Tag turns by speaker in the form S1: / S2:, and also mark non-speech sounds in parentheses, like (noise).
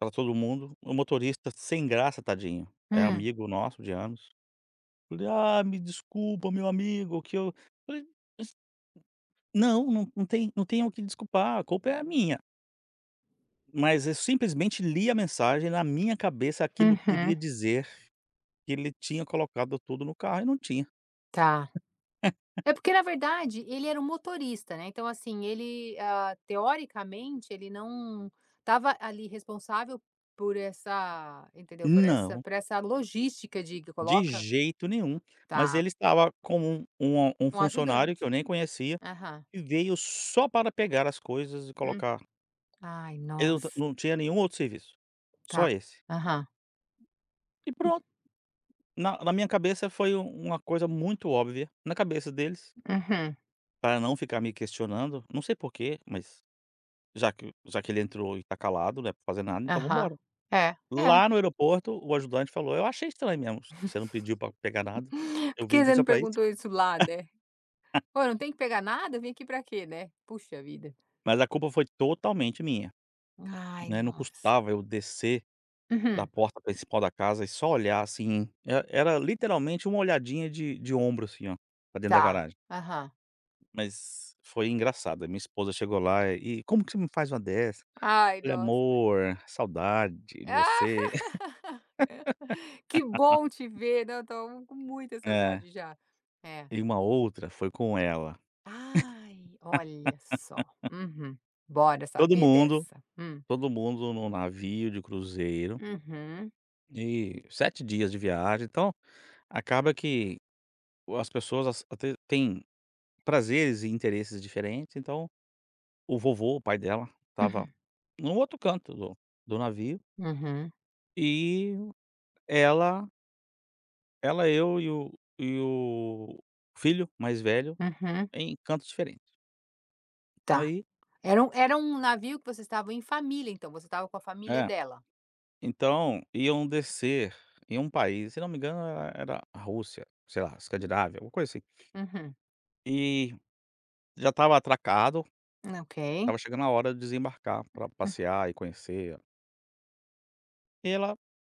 S1: Tava todo mundo, o motorista sem graça, tadinho, é
S2: Hum.
S1: amigo nosso de anos. Falei: "Ah, me desculpa, meu amigo que eu", eu falei: "Mas" não, não tem não tem o que desculpar, a culpa é a minha. Mas eu simplesmente li a mensagem na minha cabeça, aquilo que queria
S2: Uhum.
S1: dizer, que ele tinha colocado tudo no carro e não tinha.
S2: Tá.
S1: (laughs)
S2: É porque na verdade, ele era um motorista, né, então assim ele, ah, teoricamente ele não tava ali responsável por essa entendeu? Por essa
S1: Não.
S2: por essa, logística de que
S1: De
S2: coloca.
S1: jeito nenhum, mas ele
S2: Tá.
S1: estava com um um um
S2: Um
S1: funcionário
S2: ajudante.
S1: que eu nem conhecia,
S2: Aham.
S1: que veio só para pegar as coisas e
S2: Hum.
S1: colocar
S2: Ai
S1: Ele não
S2: nossa.
S1: não tinha nenhum outro serviço,
S2: Tá.
S1: só esse.
S2: Aham.
S1: E
S2: Hum.
S1: pronto, na na minha cabeça foi uma coisa muito óbvia, na cabeça deles
S2: Aham.
S1: Para não ficar me questionando, não sei porque mas, já que já que ele entrou e está calado né para fazer nada então vamos
S2: Aham,
S1: embora.
S2: é, é.
S1: Lá no aeroporto, o ajudante falou eu achei estranho mesmo, você não pediu para pegar nada, eu
S2: Por
S1: vim
S2: que
S1: aqui
S2: você
S1: só
S2: não
S1: para isso.
S2: perguntou isso lá, né. "Pô, não
S1: (laughs)
S2: tem que pegar nada? Vem aqui para quê, né". Puxa vida.
S1: Mas a culpa foi totalmente minha.
S2: Ai,
S1: Não é não
S2: nossa.
S1: custava eu descer, da
S2: Uhum.
S1: porta principal da casa e só olhar assim, era era literalmente uma olhadinha de de ombro assim ó, para dentro da
S2: Tá,
S1: garagem.
S2: aham.
S1: Mas foi engraçado, a minha esposa chegou lá e como que você me faz uma dessa?
S2: Ai
S1: Olha
S2: nossa. (unintelligible)
S1: amor, saudade de você.
S2: (laughs) "Que bom te
S1: (laughs)
S2: ver, não estou com muita
S1: É.
S2: saudade já.", é.
S1: E uma outra foi com ela.
S2: Ai olha só,
S1: (laughs)
S2: uhum, bora
S1: Todo
S2: saber
S1: mundo
S2: dessa, hum.
S1: todo mundo no navio de cruzeiro
S2: Uhum.
S1: e 7 dias de viagem então, acaba que, as pessoas até têm prazeres e interesses diferentes então, o vovô, o pai dela, estava
S2: Hum.
S1: em um outro canto do do navio
S2: Uhum.
S1: e ela -ela eu e o e o filho mais velho,
S2: Uhum.
S1: em cantos diferentes.
S2: Tá,
S1: Aí
S2: era um era um navio que vocês estavam em família, então, você estava com a família
S1: É.
S2: dela?
S1: Então, iam descer em um país se eu não me engano era era a Rússia, sei lá, Escandinávia uma coisa assim.
S2: Uhum.
S1: E já estava atracado,
S2: Ah ok.
S1: estava chegando a hora de desembarcar para passear e conhecer. E ela